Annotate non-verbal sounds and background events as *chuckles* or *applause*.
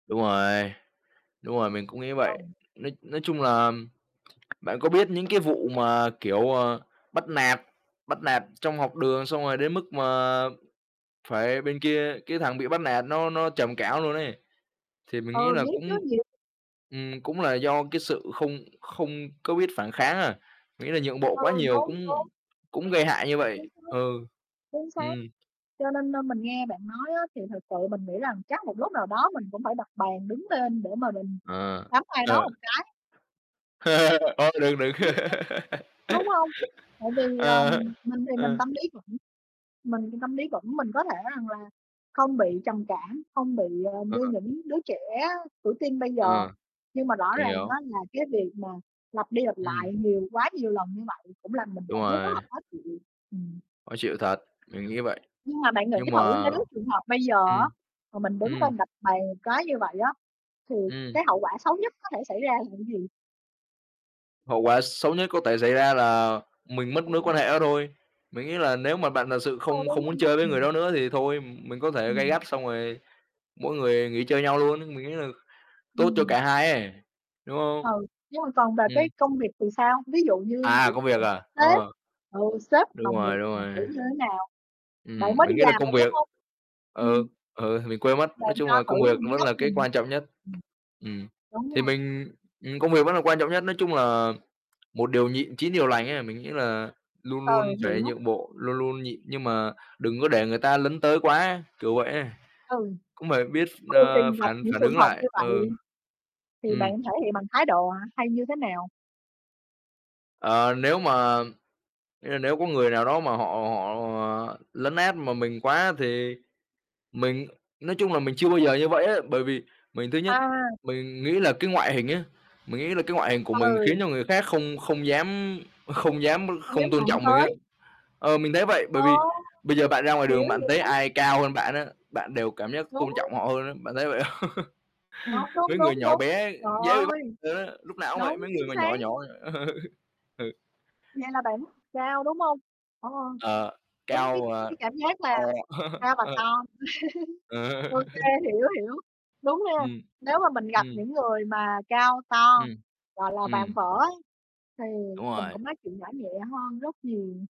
Đúng rồi, đúng rồi, mình cũng nghĩ vậy. Ừ. Nói nói chung là bạn có biết những cái vụ mà kiểu, ờ, bắt nạt bắt nạt trong học đường, xong rồi đến mức mà phải bên kia cái thằng bị bắt nạt nó nó trầm cảm luôn ấy. Thì mình nghĩ Ừ, là biết chứ, cũng nhiều ừm, cũng là do cái sự không không có biết phản kháng á, nghĩa là nhượng bộ Ừ, quá nhiều đúng, cũng đúng. cũng gây hại như Chính vậy. xác. Ừ, Chính xác. ừm. Cho nên, ơ, mình nghe bạn nói á, thì thật sự mình nghĩ rằng chắc một lúc nào đó mình cũng phải đập bàn đứng lên để mà mình Ờ, đấm ai đó ờ. một cái. *laughs* Ơ, được, được. Đúng hông? Đúng *laughs* hông? Tại vì, ờ, Ờ, mình thì mình ờ. tâm lý vững mình thì tâm lý vững, mình có thể rằng là không bị trầm cảm, không bị, ờ, Ờ. như những đứa trẻ tuổi teen bây giờ. Ờ, Nhưng mà rõ mình ràng hiểu. á, là cái việc mà lặp đi lặp Ừm. lại nhiều quá nhiều lần như vậy cũng làm mình Đúng cảm thấy rất rồi. là khó chịu. Ừm. Khó chịu thật, mình nghĩ vậy. Nhưng mà bạn nghĩ Nhưng thử mà nếu trường hợp bây giờ ừm, á, mà mình đứng ừm. lên đập bàn một cái như vậy á, thì Ừm. cái hậu quả xấu nhất có thể xảy ra là gì? Hậu quả xấu nhất có thể xảy ra là mình mất mối Ừ. quan hệ đó thôi. Mình nghĩ là nếu mà bạn thật sự không không muốn *unintelligible* chơi với người Ừm. đó nữa thì thôi, mình có thể gay Ừm. gắt xong rồi mỗi người nghỉ chơi nhau luôn. Mình nghĩ là tốt cho Ừm. cả hai ấy, đúng không? Ừ, nhưng mà còn về Ừm. cái công việc thì sao? Ví dụ như À, kiểu công việc à, *unintelligible* sếp, ờ. ừ, sếp, Đúng đồng nghiệp rồi, đúng mà rồi. kiểu như thế nào? Bạn Ừm, mới đi mình nghĩ là làm công rồi, đúng việc hông? ừ, Ừm. ừ, mình quên mất. Nói Bạn chung cho là công thử việc mình cái vẫn góc là cái nhìn. quan trọng nhất. Ừm. Ừm, Đúng thì rồi. mình ừm, công việc vẫn là quan trọng nhất, nói chung là một điều nhịn, chín điều lành ấy. Mình nghĩ là luôn Ừ, luôn phải hiểu. nhượng bộ, luôn luôn nhịn, nhưng mà đừng có để người ta lấn tới quá, kiểu vậy ấy. Ừ. Cũng phải biết ph Thường ờ, thì gặp phản những phản trường ứng hợp như lại. Ừ. vậy thì bạn Ừm. thể hiện bằng thái độ hả, hay như thế nào? Ờ, nếu mà ơ, nếu có người nào đó mà họ họ, ờ, lấn át mà mình quá thì mình nói chung là, mình chưa bao giờ như vậy á. Bởi vì mình thứ nhất À. mình nghĩ là cái ngoại hình á mình nghĩ là cái ngoại hình của mình khiến Ừ. cho người khác không không dám không dám Hông không dám tôn đụng trọng mình á. tới. Ờ, mình thấy vậy, bởi Ờ, vì bây giờ bạn ra ngoài hiểu, đường bạn thấy hiểu. ai cao hơn bạn á, bạn đều cảm giác Đúng. tôn trọng họ hơn á, bạn thấy vậy không? Đúng, *laughs* đúng, Mấy người đúng, nhỏ đúng. bé Trời dễ bị bắt ơi, á, lúc nào cũng vậy, đúng, mấy người chính mà xác. nhỏ nhỏ. *chuckles* Ừ. Vậy là bạn cao, đúng hông? Ờ, Ờ, đúng, cái cao, ờ, cái cảm giác to. là cao *chuckles* và Ờ. to. *laughs* Ờ. Ô kê, *chuckles* hiểu, hiểu, đúng nha. Ừm, Nếu mà mình gặp ừm những người mà cao to, Ừm, gọi là, vạm ừm vỡ á, thì Đúng mình rồi. cũng nói chuyện nhỏ nhẹ hơn rất nhiều.